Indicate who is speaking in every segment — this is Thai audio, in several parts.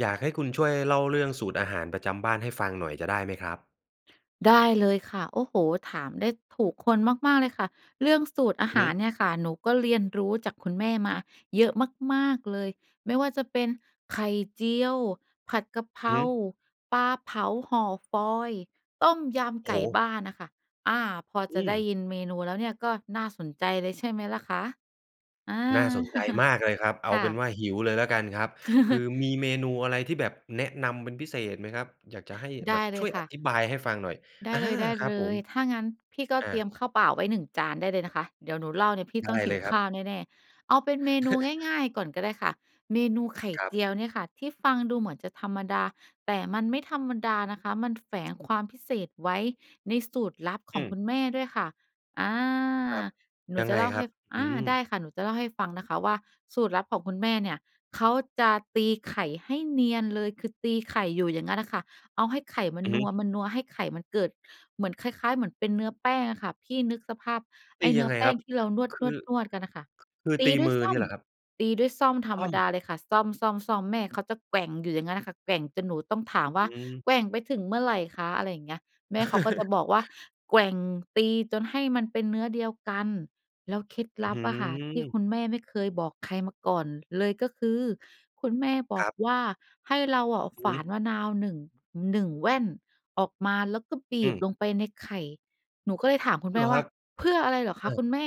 Speaker 1: อยากให้คุณช่วยเล่าเรื่อง สูตรอาหารประจำบ้านให้ฟังหน่อยจะได้ไหมครับ?
Speaker 2: ได้เลยค่ะ โอ้โฮ ถามได้ถูกคนมาก ๆ เลยค่ะ เรื่องสูตรอา
Speaker 1: อื
Speaker 2: ห
Speaker 1: อฮ
Speaker 2: าร
Speaker 1: ึ
Speaker 2: เนี่ยค่ะ หนูก็เรียนรู้จากคุณแม่มาเยอะมาก ๆ เลย ไม่ว่าจะเป็นไข่เจียว ผัดกะเพร
Speaker 1: อือฮ
Speaker 2: า
Speaker 1: ึ
Speaker 2: ปลาเผาห่อฟอยล์ ต้มย
Speaker 1: โ
Speaker 2: ำ
Speaker 1: อ
Speaker 2: ไ
Speaker 1: ้
Speaker 2: ก
Speaker 1: โ
Speaker 2: ่
Speaker 1: ฮ!
Speaker 2: บ้านน่ะค่ะ อา พอ
Speaker 1: อ
Speaker 2: จ
Speaker 1: ื
Speaker 2: ะไ
Speaker 1: ม
Speaker 2: ด้ยินเมนูแล้วเนี่ย ก็น่าสนใจเลยใช่ไหมล่ะคะ? อา
Speaker 1: น่าสนใจมากเลยครับ เอ
Speaker 2: ค
Speaker 1: า
Speaker 2: ่
Speaker 1: เป็
Speaker 2: ะ
Speaker 1: นว่าหิวเลยละกันครับ คือมีเมนูอะไรที่แบบแนะนำเป็นพิเศษไหมครับ? อยากจะให้
Speaker 2: ได
Speaker 1: แบ
Speaker 2: ้
Speaker 1: บ
Speaker 2: เล
Speaker 1: ช่
Speaker 2: ย
Speaker 1: วย
Speaker 2: ค
Speaker 1: อ
Speaker 2: ่ะ
Speaker 1: ธิบายให้ฟังหน่อย
Speaker 2: ได้
Speaker 1: อา
Speaker 2: เ
Speaker 1: ครับ
Speaker 2: ล
Speaker 1: ผม
Speaker 2: ย ๆ ถ้างั้นพี่ก็
Speaker 1: อ
Speaker 2: เตรีย
Speaker 1: า
Speaker 2: มข้าวเปล่าไว้ 1 จานได้เลยนะคะ เดี๋ยวหนูเล่าเนี่ย พี่
Speaker 1: ได
Speaker 2: ต้อ
Speaker 1: ้
Speaker 2: งห
Speaker 1: เ
Speaker 2: ิ
Speaker 1: ล
Speaker 2: ว
Speaker 1: ยค
Speaker 2: ข
Speaker 1: รับ
Speaker 2: ้าวแน่ ๆ เอาเป็นเมนูง่าย ๆ ก่อนก็ได้ค่ะ เมนูไข่
Speaker 1: ครั
Speaker 2: เ
Speaker 1: บ
Speaker 2: จียวเนี่ยค่ะ ที่ฟังดูเหมือนจะธรรมดา แต่มันไม่ธรรมดานะคะ มันแฝงความพิเศษไว้ในสูตรลับข
Speaker 1: อ
Speaker 2: อง
Speaker 1: ื
Speaker 2: ค
Speaker 1: ม
Speaker 2: ุณแม่ด้วยค่ะ อา
Speaker 1: ครับ
Speaker 2: หนู
Speaker 1: ยัง
Speaker 2: จะ
Speaker 1: ไง
Speaker 2: เล่า
Speaker 1: ค
Speaker 2: ให
Speaker 1: รั
Speaker 2: ้
Speaker 1: บ?
Speaker 2: อ
Speaker 1: อื
Speaker 2: า
Speaker 1: ้อฮื
Speaker 2: ได
Speaker 1: อ
Speaker 2: ้ค่ะ หนูจะเล่าให้ฟังนะคะว่า สูตรลับของคุณแม่เนี่ย เขาจะตีไข่ให้เนียนเลย คือตีไข่อยู่อย่างงั้นน่ะค่ะ เอาให้ไข่มัน
Speaker 1: อือ
Speaker 2: น
Speaker 1: ฮ
Speaker 2: ั
Speaker 1: ึ
Speaker 2: ว มันนัว ให้ไข่มันเกิดเหมือนคล้าย ๆ เหมือนเป็นเนื้อแป้งอะค่ะ พี่นึกสภาพไ
Speaker 1: ต
Speaker 2: อ้
Speaker 1: ี
Speaker 2: เนื
Speaker 1: ยั
Speaker 2: ้อ
Speaker 1: งไง
Speaker 2: แป้
Speaker 1: คร
Speaker 2: ง
Speaker 1: ับ?
Speaker 2: ที่เราน
Speaker 1: คือ
Speaker 2: วด ๆ ๆ กันน่ะค่ะ
Speaker 1: คือ
Speaker 2: ตี
Speaker 1: ตี
Speaker 2: ด้ว
Speaker 1: ม
Speaker 2: ย
Speaker 1: ือ
Speaker 2: ส้
Speaker 1: เ
Speaker 2: อ
Speaker 1: นี
Speaker 2: ม
Speaker 1: ่ยเหรอครับ?
Speaker 2: ตีด้วยส้อมธร
Speaker 1: ส
Speaker 2: ร
Speaker 1: ้
Speaker 2: ม
Speaker 1: อ
Speaker 2: ด
Speaker 1: ม
Speaker 2: าเลยค่ะ ส้อม ๆ ๆ แม่เขาจะแกว่งอยู่อย่างงั้นน่ะค่ะ แกว่งจนหนูต้องถามว
Speaker 1: อ
Speaker 2: ่
Speaker 1: ื
Speaker 2: า
Speaker 1: ม
Speaker 2: "แกว่งไปถึงเมื่อไหร่คะ" อะไรอย่างเงี้ย แม่เขาก็จะบอกว่า "แกว่ง ตี จนให้มันเป็นเนื้อเดียวกัน" แล้วเคล็ดล
Speaker 1: อื้
Speaker 2: ั
Speaker 1: อฮ
Speaker 2: บ
Speaker 1: ื
Speaker 2: อะค่ะ ที่
Speaker 1: อ
Speaker 2: คุณแม่ไม่เคยบอกใครมาก่อนเลย ก็คือคุณแม่บอ
Speaker 1: คร
Speaker 2: ก
Speaker 1: ับ
Speaker 2: ว่า ให้เราอะ
Speaker 1: อื
Speaker 2: ฝ
Speaker 1: อ
Speaker 2: า
Speaker 1: ฮึ
Speaker 2: นมะนาว 1- 1 แว่นออกมา แล้วก็บี
Speaker 1: อื
Speaker 2: บ
Speaker 1: ม
Speaker 2: ลงไปในไข่"หนูก็เลยถามคุณแ
Speaker 1: เ
Speaker 2: ม
Speaker 1: หร
Speaker 2: ่
Speaker 1: อ
Speaker 2: ว
Speaker 1: ค
Speaker 2: ่
Speaker 1: ร
Speaker 2: า"
Speaker 1: ับ?
Speaker 2: เพื่ออะไรเหรอค
Speaker 1: อ
Speaker 2: ะคุ
Speaker 1: า
Speaker 2: ณแม่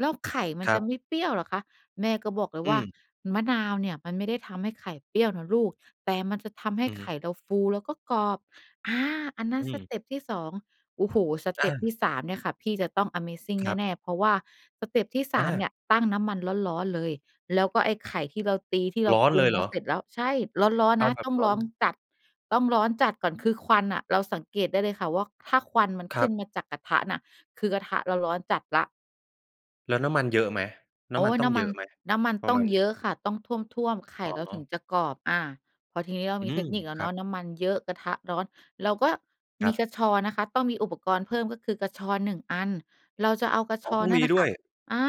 Speaker 2: แล้วไข่มั
Speaker 1: ค
Speaker 2: น
Speaker 1: ร
Speaker 2: จ
Speaker 1: ั
Speaker 2: ะ
Speaker 1: บ
Speaker 2: ไม่เปรี้ยวเหรอคะ"แม่ก็บอกเลย
Speaker 1: อื
Speaker 2: ว่า"
Speaker 1: ม
Speaker 2: มะนาวเนี่ย มันไม่ได้ทำให้ไข่เปรี้ยวนะลูก แต่มันจะทำให้
Speaker 1: อือฮ
Speaker 2: ไข
Speaker 1: ึ
Speaker 2: ่เราฟู แล้วก็กรอบ"อา อันนั้
Speaker 1: อ
Speaker 2: น
Speaker 1: ื
Speaker 2: ส
Speaker 1: ม
Speaker 2: เต็ปที่ 2 โอ้โฮ สเ
Speaker 1: อ
Speaker 2: ต็
Speaker 1: า
Speaker 2: ปที่ 3 เนี่ยค่ะ พี่จะต้องอะเมซิง
Speaker 1: ครับ
Speaker 2: แน่ ๆ เพราะว่าสเต็ปที่ ส
Speaker 1: อ
Speaker 2: าม เนี
Speaker 1: า
Speaker 2: ่ย ตั้งน้ำมันร้อน ๆ เลย แล้วก็ไอ้ไข่ที่เราตีที่เรา
Speaker 1: ร้อน
Speaker 2: ปร
Speaker 1: เ
Speaker 2: ุ
Speaker 1: ล
Speaker 2: ง
Speaker 1: ยเ
Speaker 2: ม
Speaker 1: หร
Speaker 2: า
Speaker 1: อ?
Speaker 2: เสร็จแล้ว ใช่ ร้อน
Speaker 1: เอ
Speaker 2: ๆ น
Speaker 1: า
Speaker 2: ะ
Speaker 1: แบ
Speaker 2: ต
Speaker 1: บ
Speaker 2: ้อง
Speaker 1: ร้
Speaker 2: ร
Speaker 1: อ
Speaker 2: ้
Speaker 1: น
Speaker 2: องจัด ต้องร้อนจัดก่อน คือควันน่ะ เราสังเกตได้เลยค่ะว่า ถ้าควันมัน
Speaker 1: ค
Speaker 2: ข
Speaker 1: ร
Speaker 2: ึ
Speaker 1: ั
Speaker 2: ้
Speaker 1: บ
Speaker 2: นมาจากกระทะน่ะ คือกระทะเราร้อนจัดแล้ว
Speaker 1: แล้วน้ำมันเยอะไหม? น
Speaker 2: โ
Speaker 1: ้
Speaker 2: อ
Speaker 1: ำม
Speaker 2: ๊
Speaker 1: ัน
Speaker 2: ย
Speaker 1: ต้
Speaker 2: น
Speaker 1: อง
Speaker 2: ้ำ
Speaker 1: เ
Speaker 2: ม
Speaker 1: ย
Speaker 2: ั
Speaker 1: อ
Speaker 2: น
Speaker 1: ะไหม?
Speaker 2: น้ำมัน
Speaker 1: ปร
Speaker 2: ต
Speaker 1: ะ
Speaker 2: ้อ
Speaker 1: ม
Speaker 2: ง
Speaker 1: าณไห
Speaker 2: เยอ
Speaker 1: น?
Speaker 2: ะค่ะ ต้องท่วม ๆ ไข่
Speaker 1: อ๋
Speaker 2: เราถึง
Speaker 1: อ
Speaker 2: จะกรอบ อ่า พอทีนี้เรา
Speaker 1: อื
Speaker 2: มีเท
Speaker 1: ม
Speaker 2: คนิคแล้
Speaker 1: ค
Speaker 2: ว
Speaker 1: ร
Speaker 2: เน
Speaker 1: ั
Speaker 2: า
Speaker 1: บ
Speaker 2: ะ น้ำมันเยอะ กระทะร้อน เราก็
Speaker 1: ค
Speaker 2: ม
Speaker 1: ร
Speaker 2: ี
Speaker 1: ับ
Speaker 2: กระชอนนะคะ ต้องมีอุปกรณ์เพิ่ม ก็คือกระชอน 1 อัน เราจะเอากระ
Speaker 1: อ
Speaker 2: ช
Speaker 1: ๋อ
Speaker 2: อ
Speaker 1: ต
Speaker 2: น
Speaker 1: ้อง
Speaker 2: นั่
Speaker 1: ม
Speaker 2: น
Speaker 1: ี
Speaker 2: น่ะ
Speaker 1: ด
Speaker 2: ค
Speaker 1: ้
Speaker 2: ่
Speaker 1: ว
Speaker 2: ะ
Speaker 1: ย
Speaker 2: อ่า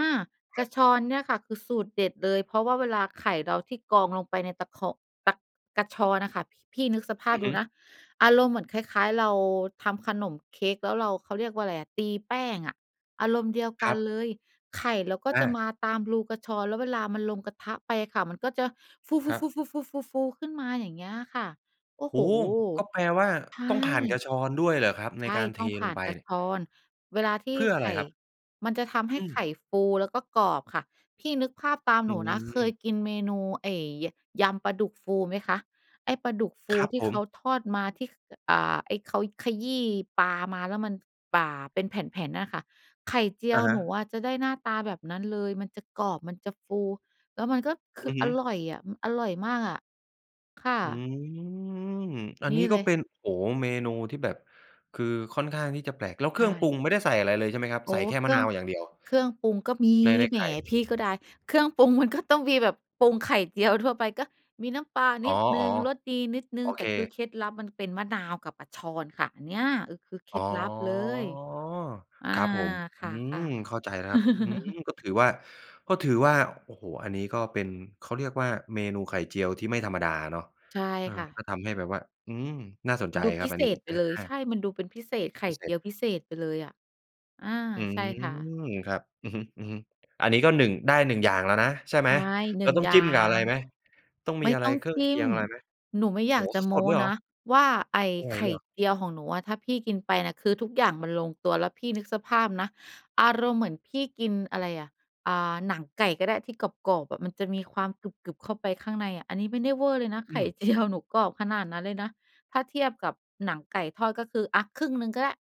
Speaker 2: ก
Speaker 1: ค
Speaker 2: ร
Speaker 1: รั
Speaker 2: ะ
Speaker 1: บ
Speaker 2: ชอนเนี่ยค่ะ คือสูตรเด็ดเลย เพราะว่าเวลาไข่เราที่กรองลงไปในตะคอง ตะ กระชอนน่ะค่ะ พ พี่นึกสภา
Speaker 1: อ
Speaker 2: พ
Speaker 1: ือ
Speaker 2: ดู
Speaker 1: ฮึ
Speaker 2: นะ อารมณ์เหมือนคล้าย ๆ เราทำขนมเค้กแล้วเรา เขาเรียกว่าไรอะ ตีแป้งอะ อารมณ์เดียวก
Speaker 1: ค
Speaker 2: ั
Speaker 1: รั
Speaker 2: น
Speaker 1: บ
Speaker 2: เลย ไข่เราก็
Speaker 1: อ
Speaker 2: จะ
Speaker 1: า
Speaker 2: มาตามรูกระชอน แล้วเวลามันลงกระทะไปค่ะ มันก็จะฟ
Speaker 1: ครับ
Speaker 2: ู ๆ ๆ ๆ ๆ ๆ ๆ ขึ้นมาอย่างเงี้ยค่ะ โอ้
Speaker 1: โ
Speaker 2: โ
Speaker 1: อ
Speaker 2: ฮ
Speaker 1: ้ ก็แปลว่า
Speaker 2: ใช
Speaker 1: ต้องผ่านกร
Speaker 2: ่
Speaker 1: ะชอนด้วยเหรอครับ? ใ
Speaker 2: ใ
Speaker 1: น
Speaker 2: ช่
Speaker 1: การเ
Speaker 2: ต
Speaker 1: ท
Speaker 2: ้องผ
Speaker 1: ล
Speaker 2: ่า
Speaker 1: ง
Speaker 2: น
Speaker 1: ไป
Speaker 2: กระ
Speaker 1: นี่
Speaker 2: ชอน เวลาที
Speaker 1: เ
Speaker 2: ่
Speaker 1: พื่ออ
Speaker 2: ไ
Speaker 1: ะ
Speaker 2: ข
Speaker 1: ไร
Speaker 2: ่
Speaker 1: ครับ?
Speaker 2: มันจะทำให
Speaker 1: อ
Speaker 2: ้
Speaker 1: ื
Speaker 2: ไข
Speaker 1: ม
Speaker 2: ่ฟูแล้วก็กรอบค่ะ พี่นึกภาพตาม
Speaker 1: อ
Speaker 2: ห
Speaker 1: ื
Speaker 2: นูนะ เค
Speaker 1: ม
Speaker 2: ยกินเมนูไอ้ ย ยำปลาดุกฟูไหมคะ ไอ้ปลาดุกฟู
Speaker 1: ครับ
Speaker 2: ที่
Speaker 1: ผ
Speaker 2: เข
Speaker 1: ม
Speaker 2: าทอดมาที่ ข อ่า ไอ้ เขาขยี้ปลามาแล้วมันป่า เป็นแผ่น ๆ นั่นน่ะค่ะ ไข่เจี
Speaker 1: อ
Speaker 2: ย
Speaker 1: ะ
Speaker 2: ว
Speaker 1: ฮ
Speaker 2: หนู
Speaker 1: ะ
Speaker 2: อะจะได้หน้าตาแบบนั้นเลย มันจะกรอบ มันจะฟู แล้วมันก็ค
Speaker 1: อ
Speaker 2: ื
Speaker 1: ื
Speaker 2: อ
Speaker 1: อฮ
Speaker 2: อ
Speaker 1: ึ
Speaker 2: ร่อยอะ มันอร่อยมากอะ ค่
Speaker 1: อื
Speaker 2: ะ
Speaker 1: ม อัน
Speaker 2: น
Speaker 1: น
Speaker 2: ี
Speaker 1: ี
Speaker 2: ่
Speaker 1: ้ก
Speaker 2: เ
Speaker 1: ็
Speaker 2: ลย
Speaker 1: เป็น โอ้โฮ เมนูที่แบบ คือค่อนข้างที่จะแปลก แล้วเ
Speaker 2: ใ
Speaker 1: ค
Speaker 2: ช
Speaker 1: รื่องปรุ
Speaker 2: ่
Speaker 1: งไม่ได้ใส่อะไรเลยใช่ไหมครับ?
Speaker 2: โอ้
Speaker 1: ใส่แค่
Speaker 2: เค
Speaker 1: ม
Speaker 2: ร
Speaker 1: ะ
Speaker 2: ื่
Speaker 1: น
Speaker 2: อ
Speaker 1: า
Speaker 2: ง
Speaker 1: วอย่างเดียว
Speaker 2: เครื่องปรุงก็มี
Speaker 1: ใน ใน
Speaker 2: แหม
Speaker 1: ไข่
Speaker 2: พี่ก็ดาย เครื่องปรุง มันก็ ต้องมีแบบปรุงไข่เจียวทั่วไปก็มีน้ำปลาน
Speaker 1: อ๋
Speaker 2: ิ
Speaker 1: อ
Speaker 2: ดหนึ่ง รสดีนิดหน
Speaker 1: ๆ
Speaker 2: ึ
Speaker 1: โ
Speaker 2: ่ง
Speaker 1: อ
Speaker 2: แ
Speaker 1: เ
Speaker 2: ต่
Speaker 1: ค
Speaker 2: คือเคล็ดลับมันเป็นมะนาวกับกระชอนค่ะ อันเนี้ย ก็คือเคล
Speaker 1: อ๋
Speaker 2: ็
Speaker 1: อ
Speaker 2: ดลับเลย อ่า
Speaker 1: ครับผม
Speaker 2: ค
Speaker 1: อื
Speaker 2: ่ะ ค่
Speaker 1: ม
Speaker 2: ะ
Speaker 1: เข้าใจแล้วครับ อืม ก็ถือว่า ก็ถือว่า โอ้โฮ อันนี้ก็เป็น เขาเรียกว่า เมนูไข่เจียวที่ไม่ธรรมดาเนาะ
Speaker 2: ใช่
Speaker 1: เออ
Speaker 2: ค่ะ
Speaker 1: ก็ทำให้แบบว่า อืม น่าสนใจ
Speaker 2: ดู
Speaker 1: คร
Speaker 2: พ
Speaker 1: ั
Speaker 2: ิ
Speaker 1: บอ
Speaker 2: เ
Speaker 1: ั
Speaker 2: ศ
Speaker 1: นนี้
Speaker 2: ษไป
Speaker 1: อ
Speaker 2: เลย ใ
Speaker 1: า
Speaker 2: ช่ มันดูเป็นพิเศษ ไข่
Speaker 1: พิเศ
Speaker 2: เจีย
Speaker 1: ษ
Speaker 2: วพิเศษไปเลยอะ อา
Speaker 1: อื
Speaker 2: ใช่ค่ะ
Speaker 1: ม ครับ อือฮึ ๆ อันนี้ก็ 1 ได้ 1 อย่างแล้วนะ ใช่ไห
Speaker 2: ใ
Speaker 1: ม
Speaker 2: ช่ หน
Speaker 1: เร
Speaker 2: ึ่
Speaker 1: า
Speaker 2: ง
Speaker 1: ต้อ
Speaker 2: อ
Speaker 1: ง
Speaker 2: ย่
Speaker 1: จ
Speaker 2: า
Speaker 1: ิ้มกับอะไร
Speaker 2: ง
Speaker 1: ไหม ต้องม
Speaker 2: ไม
Speaker 1: ี
Speaker 2: ่
Speaker 1: อะไ
Speaker 2: ต
Speaker 1: ร
Speaker 2: ้อง
Speaker 1: เครื่
Speaker 2: จ
Speaker 1: อง
Speaker 2: ิ
Speaker 1: เค
Speaker 2: ้
Speaker 1: ี
Speaker 2: ม
Speaker 1: ยงอะไรไหม?
Speaker 2: หนูไม่
Speaker 1: โ
Speaker 2: อ
Speaker 1: อ
Speaker 2: ย
Speaker 1: ้
Speaker 2: าก
Speaker 1: โ
Speaker 2: จะ
Speaker 1: ฮ
Speaker 2: โม
Speaker 1: สด
Speaker 2: ้
Speaker 1: ๆ เลยเหร
Speaker 2: น
Speaker 1: อ?
Speaker 2: ะว่า ไอ้
Speaker 1: ไหว
Speaker 2: ไข่
Speaker 1: เหรอ?
Speaker 2: เจียวของหนูอะถ้าพี่กินไปน่ะ คือทุกอย่างมันลงตัวแล้ว พี่นึกสภาพนะ อารมณ์เหมือนพี่กินอะไรอะ อ่า หนังไก่ก็ได้ที่กรอบ ๆ อะมันจะมีความกรึบ ๆ เข้าไปข้างในอะ อันนี้ไม่ได้เว่อเลยนะ
Speaker 1: อ
Speaker 2: ไ
Speaker 1: ื
Speaker 2: ข่
Speaker 1: ม
Speaker 2: เจียว หนูกรอบขนาดนั้นเลยนะ ถ้าเทียบกับหนังไก่ทอดก็คือ อะครึ่งหนึ่งก็ได้